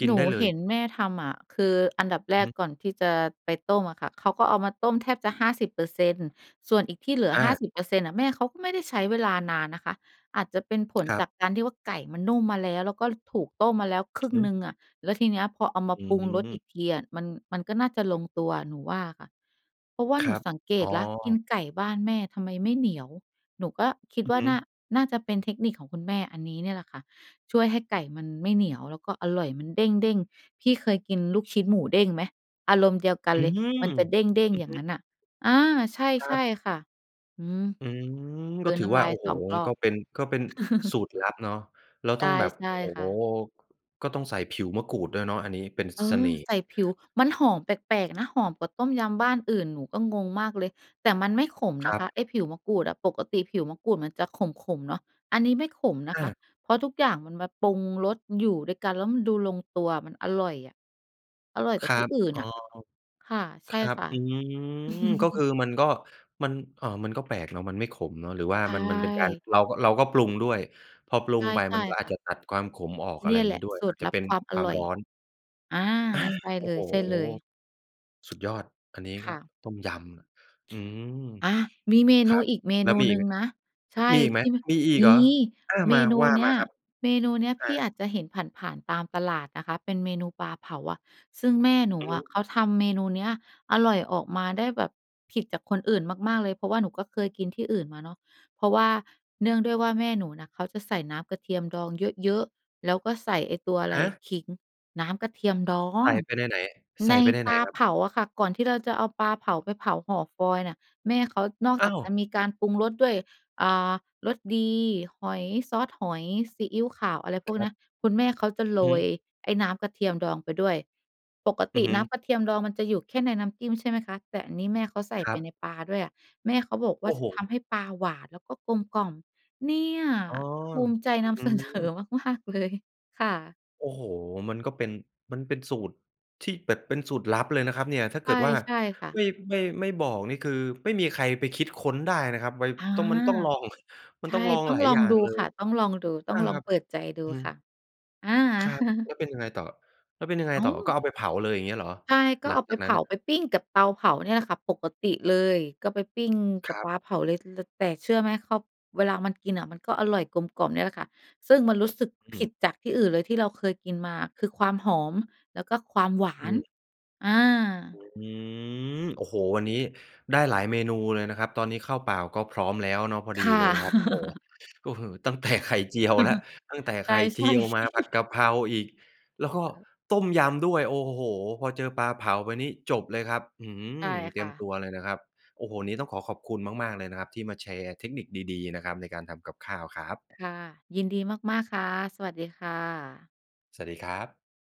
Speaker 1: กิ
Speaker 2: หน
Speaker 1: น
Speaker 2: ู
Speaker 1: ได้เล
Speaker 2: เห
Speaker 1: ย?
Speaker 2: ็นแม่ทำอะ คืออันดับแร
Speaker 1: อือ
Speaker 2: ก
Speaker 1: ฮึ
Speaker 2: ก่อนที่จะไปต้มอะค่ะ เขาก็เอามาต้มแทบจะ 50% ส่วนอีกที่เหลือ
Speaker 1: อ
Speaker 2: ห้า
Speaker 1: า
Speaker 2: สิบเปอร์เซ็นต์ น่ะแม่เขาก็ไม่ได้ใช้เวลานานนะคะ อาจจะเป็นผล
Speaker 1: ครั
Speaker 2: จ
Speaker 1: บ
Speaker 2: ากการที่ว่าไก่มันนุ่มมาแล้ว แล้วก็ ล ถูกต้มมาแล้วคร
Speaker 1: อ
Speaker 2: ึ
Speaker 1: ือ
Speaker 2: ่ง
Speaker 1: ฮ
Speaker 2: หนึ่
Speaker 1: ึ
Speaker 2: งอะ แล้วทีเนี้ยพอเอาม
Speaker 1: อ
Speaker 2: า
Speaker 1: ื
Speaker 2: ปรุงรสอ
Speaker 1: ม
Speaker 2: ีกทีอะ มัน มันก็น่าจะลงตัวหนูว่าอะค่ะ เพราะว่า
Speaker 1: ค
Speaker 2: หน
Speaker 1: ร
Speaker 2: ู
Speaker 1: ับ
Speaker 2: สังเก
Speaker 1: อ๋
Speaker 2: ตแล้วกิน
Speaker 1: อ
Speaker 2: ไก่บ้านแม่ทำไมไม่เหนียว หนูก็คิด
Speaker 1: อื
Speaker 2: ว
Speaker 1: อ
Speaker 2: ่
Speaker 1: ฮ
Speaker 2: า
Speaker 1: ึ
Speaker 2: น่า น่าจะเป็นเทคนิคของคุณแม่อันนี้เนี่ยแหละค่ะช่วยให้ไก่มันไม่เหนียว แล้วก็อร่อย มันเด้ง ๆ พี่เคยกินลูกชิ้นหมูเด้งไหม อารมณ์เดียวกัน
Speaker 1: อื
Speaker 2: เลย
Speaker 1: ม
Speaker 2: มันจะเด้
Speaker 1: อ
Speaker 2: ง
Speaker 1: ื
Speaker 2: ๆ
Speaker 1: อ
Speaker 2: อย่
Speaker 1: ฮ
Speaker 2: าง
Speaker 1: ึ
Speaker 2: นั้นน่ะ อา ใช
Speaker 1: คร
Speaker 2: ่
Speaker 1: ับ
Speaker 2: ๆ ค่ะ อือ
Speaker 1: อืม
Speaker 2: ก
Speaker 1: ก
Speaker 2: ล
Speaker 1: ็
Speaker 2: ืน
Speaker 1: ถื
Speaker 2: น
Speaker 1: อ
Speaker 2: ้
Speaker 1: ว
Speaker 2: ำ
Speaker 1: ่
Speaker 2: ล
Speaker 1: า
Speaker 2: าย
Speaker 1: โอ้โฮ
Speaker 2: 2 รอ
Speaker 1: ก
Speaker 2: บ
Speaker 1: ็เป็น ก็เป็นสูตรลับเนาะ แล้ว
Speaker 2: ใช
Speaker 1: ต้
Speaker 2: ่
Speaker 1: องแบบ
Speaker 2: ใช่
Speaker 1: โอ้
Speaker 2: ค
Speaker 1: โฮ
Speaker 2: ่ะ
Speaker 1: ก็ต้องใส่ผิวมะกรูดด้วยเนาะอันนี้ เป็น
Speaker 2: เออ
Speaker 1: เสน่ห์
Speaker 2: ใส่ผิว มันหอมแปลก ๆ นะ หอมกว่าต้มยำบ้านอื่น หนูก็งงมากเลย แต่มันไม่ขมน
Speaker 1: ค
Speaker 2: ะ
Speaker 1: รั
Speaker 2: ค
Speaker 1: บ
Speaker 2: ะไอ้ผิวมะกรูดอะ ปกติผิวมะกรูดมันจะขม ๆ เนาะ อันนี้ไม่ขมนะ
Speaker 1: อ
Speaker 2: คะ
Speaker 1: า
Speaker 2: เพราะทุกอย่างมันแบบปรุงรสอยู่ด้วยกันแล้วมันดูลงตัว มันอร่อยอะ อร่อยก
Speaker 1: ค
Speaker 2: ว่า
Speaker 1: รั
Speaker 2: ที่
Speaker 1: บ
Speaker 2: อื่น
Speaker 1: อ๋อ
Speaker 2: น่ะ ค่ะ ใช
Speaker 1: ค
Speaker 2: ่
Speaker 1: รับ
Speaker 2: ค่ะ
Speaker 1: อืม ก็คือมันก็ มัน เอ่อ มันก็แปลกเนาะมันไม่ขมเนาะ หรือว่า
Speaker 2: ใช
Speaker 1: มัน มันเป็นการ
Speaker 2: ่
Speaker 1: เราก็ เราก็ปรุงด้วย พอปรุ
Speaker 2: ใช
Speaker 1: ง
Speaker 2: ่
Speaker 1: ไป
Speaker 2: ใช
Speaker 1: ม
Speaker 2: ่
Speaker 1: ันก็อ
Speaker 2: ค
Speaker 1: า
Speaker 2: ่
Speaker 1: จ
Speaker 2: ะ
Speaker 1: จะตัดความขมออก อ
Speaker 2: เ
Speaker 1: ะ
Speaker 2: น
Speaker 1: ไร
Speaker 2: ี่
Speaker 1: อย
Speaker 2: ย
Speaker 1: ่าง
Speaker 2: แห
Speaker 1: ง
Speaker 2: ล
Speaker 1: ี้
Speaker 2: ะ
Speaker 1: ด้วย
Speaker 2: สู
Speaker 1: อ
Speaker 2: ต
Speaker 1: าจ
Speaker 2: ร
Speaker 1: จะ
Speaker 2: ลั
Speaker 1: เ
Speaker 2: บ
Speaker 1: ป็น
Speaker 2: ความอ
Speaker 1: ความ
Speaker 2: ร่อย
Speaker 1: ร้อน
Speaker 2: อา
Speaker 1: อา
Speaker 2: ใช่
Speaker 1: โอ้โฮ
Speaker 2: เลย
Speaker 1: สุดยอด อันนี้
Speaker 2: ๆ ค
Speaker 1: ก็
Speaker 2: ่ะ
Speaker 1: ต้มยำ อืม
Speaker 2: อา มีเม
Speaker 1: ค
Speaker 2: น
Speaker 1: ร
Speaker 2: ู
Speaker 1: ับ
Speaker 2: อีกเม
Speaker 1: แล้
Speaker 2: น
Speaker 1: ว
Speaker 2: ู
Speaker 1: มีอ
Speaker 2: ห
Speaker 1: ี
Speaker 2: นึ
Speaker 1: กไ
Speaker 2: ่
Speaker 1: ห
Speaker 2: ง
Speaker 1: ม
Speaker 2: นะ ใ
Speaker 1: อ
Speaker 2: ช่
Speaker 1: มีอีกไ
Speaker 2: ท
Speaker 1: หม
Speaker 2: ี่ ม
Speaker 1: มีอีก
Speaker 2: ม
Speaker 1: เหร
Speaker 2: ี
Speaker 1: อ? อา
Speaker 2: เม
Speaker 1: มา
Speaker 2: นู
Speaker 1: ว่า
Speaker 2: เน
Speaker 1: ม
Speaker 2: ี้
Speaker 1: า
Speaker 2: ย
Speaker 1: ครับ
Speaker 2: เมนูเนี้ย
Speaker 1: อ
Speaker 2: พี่อ
Speaker 1: า
Speaker 2: าจจะเห็นผ่าน ๆ ตามตลาดนะคะ เป็นเมนูปลาเผาอะ ซึ่งแม่หนู
Speaker 1: อือ
Speaker 2: อ
Speaker 1: ฮ
Speaker 2: ะเข
Speaker 1: ึ
Speaker 2: าทำเมนูนี้อร่อย ออกมาได้แบบผิดจากคนอื่นมาก ๆ เลย เพราะว่าหนูก็เคยกินที่อื่นมาเนาะ เพราะว่าเนื่องด้วยว่าแม่หนูนะเขาจะใส่น้ำกระเทียมดองเยอะ ๆ แล้วก็ใส่ไอ้ตัวอะไร
Speaker 1: ฮ
Speaker 2: อะ
Speaker 1: ะ?
Speaker 2: ขิง น้ำกระเทียมดอ
Speaker 1: ใส
Speaker 2: ง
Speaker 1: ่ไปในไหน ใส
Speaker 2: ใน
Speaker 1: ่ไปใน
Speaker 2: ป
Speaker 1: ไหน
Speaker 2: ลา
Speaker 1: ครั
Speaker 2: เ
Speaker 1: บ?
Speaker 2: ผาอะค่ะ ก่อนที่เราจะเอาปลาเผาไปเผาห่อฟอยล์เนี่ย แม่เขานอก
Speaker 1: อ
Speaker 2: จ
Speaker 1: ้
Speaker 2: า
Speaker 1: า
Speaker 2: ก
Speaker 1: ว
Speaker 2: จะมีการปรุงรสด้วย อ่า รสดี หอย ซอสหอย ซีอิ๊วขาว อะไรพวก
Speaker 1: ค
Speaker 2: เ
Speaker 1: ร
Speaker 2: น
Speaker 1: ั
Speaker 2: ี้
Speaker 1: บ
Speaker 2: ย คุณแม่เขาจะโ
Speaker 1: อื
Speaker 2: ร
Speaker 1: อฮ
Speaker 2: ย
Speaker 1: ึ
Speaker 2: ไอ้น้ำกระเทียมดองไปด้วย ปก
Speaker 1: อ
Speaker 2: ต
Speaker 1: ือ
Speaker 2: ิ
Speaker 1: ฮึ
Speaker 2: น้ำกระเทียมดองมันจะอยู่แค่ในน้ำจิ้มใช่ไหมคะ แต่อันนี้แม่เขาใส่
Speaker 1: คร
Speaker 2: ไป
Speaker 1: ับ
Speaker 2: ในปลาด้วยอะ แม่เขาบอกว
Speaker 1: โ
Speaker 2: ่
Speaker 1: อ
Speaker 2: า
Speaker 1: ้
Speaker 2: จ
Speaker 1: โ
Speaker 2: ะ
Speaker 1: ฮ
Speaker 2: ทำให้ปลาหวาน แล้วก็กลมกล่อม เนี่ย
Speaker 1: อ๋อ
Speaker 2: ภูมิใจ
Speaker 1: อ
Speaker 2: น
Speaker 1: ื้อฮ
Speaker 2: ำ เ
Speaker 1: ื
Speaker 2: สนอ
Speaker 1: อ
Speaker 2: มาก ๆ เลย ค่ะ
Speaker 1: โอ้โฮ มันก็เป็น มันเป็นสูตรที่แบบเป็นสูตรลับเลยนะครับเนี่ย ถ้า
Speaker 2: ใช
Speaker 1: เกิ
Speaker 2: ่
Speaker 1: ดว่า
Speaker 2: ใช่ค่
Speaker 1: ไ
Speaker 2: ะ
Speaker 1: ม่ ไม่ ไม่บอกนี่คือไม่มีใครไปคิดค้นได้นะครับ ไว
Speaker 2: อา
Speaker 1: ต้อง มันต้องลอง ม
Speaker 2: ใ
Speaker 1: ั
Speaker 2: ช
Speaker 1: น
Speaker 2: ่
Speaker 1: ต้องลอง
Speaker 2: ต้อ
Speaker 1: ห
Speaker 2: ง
Speaker 1: ลาย
Speaker 2: ลอ
Speaker 1: อย
Speaker 2: ง
Speaker 1: ่า
Speaker 2: ด
Speaker 1: ง
Speaker 2: ู
Speaker 1: เล
Speaker 2: ค
Speaker 1: ย
Speaker 2: ่ะ ต้องลองดู ต้
Speaker 1: อ
Speaker 2: อ
Speaker 1: ่า
Speaker 2: งลอ
Speaker 1: ค
Speaker 2: ง
Speaker 1: รับ
Speaker 2: เปิดใจดู
Speaker 1: อื
Speaker 2: ค่ะ
Speaker 1: ม
Speaker 2: อา
Speaker 1: ครับ แล้วเป็นยังไงต่อ แล้วเป็นยังไง
Speaker 2: อ้า
Speaker 1: ต่อ
Speaker 2: ว
Speaker 1: ก็เอาไปเผาเลย อย่างเงี้ยเหรอ
Speaker 2: ใช่ ก็
Speaker 1: หลั
Speaker 2: เอ
Speaker 1: ง
Speaker 2: าไ
Speaker 1: จ
Speaker 2: ป
Speaker 1: าก
Speaker 2: เผ
Speaker 1: นั้น
Speaker 2: า
Speaker 1: น่ะ?
Speaker 2: ไปปิ้งกับเตาเผาเนี่ยแหละค่ะปกติเลย ก็ไปปิ้งก
Speaker 1: ค
Speaker 2: ับ
Speaker 1: รั
Speaker 2: ป
Speaker 1: บ
Speaker 2: ลาเผาเลย ล แต่เชื่อไหม เขา เวลามันกินน่ะมันก็อร่อยกลมกล่อมเนี่ยแหละค่ะ ซึ่งมันรู้สึก
Speaker 1: อ
Speaker 2: ผ
Speaker 1: ื
Speaker 2: ิ
Speaker 1: ม
Speaker 2: ดจากที่อื่นเลยที่เราเคยกินมา คือความหอม แล้วก็ความหวา
Speaker 1: อื
Speaker 2: น
Speaker 1: ม
Speaker 2: อา
Speaker 1: อืม โอ้โฮ วันนี้ได้หลายเมนูเลยนะครับ ตอนนี้ข้าวเปล่าก็พร้อมแล้วเนาะ พอ
Speaker 2: ค
Speaker 1: ดี
Speaker 2: ่ะ
Speaker 1: เลยครับ โอ้โฮ อื้อฮือ ตั้ง แต่ ไข่เจียวแล้ว ตั้งแต่
Speaker 2: ใช
Speaker 1: ไข่เจ
Speaker 2: ่
Speaker 1: ียว มาผัด
Speaker 2: ๆ ๆ
Speaker 1: กะเพราอีก แล้วก็
Speaker 2: เออ
Speaker 1: ต้มยำด้วย โอ้โฮ พอเจอปลาเผาไปนี้จบเลยครับ อื้อฮื
Speaker 2: ใช่
Speaker 1: อ เต
Speaker 2: ค
Speaker 1: รี
Speaker 2: ่
Speaker 1: ยม
Speaker 2: ะ
Speaker 1: ตัวเลยนะครับ โอ้โฮ วันนี้ต้องขอขอบคุณมาก ๆ เลยนะครับที่มาแชร์เทคนิคดี ๆ นะครับ ในการทำกับข้าวครับ
Speaker 2: ค่ะ ยินดีมาก ๆ ค่ะ สวัสดีค่ะ
Speaker 1: สวัสดีครับ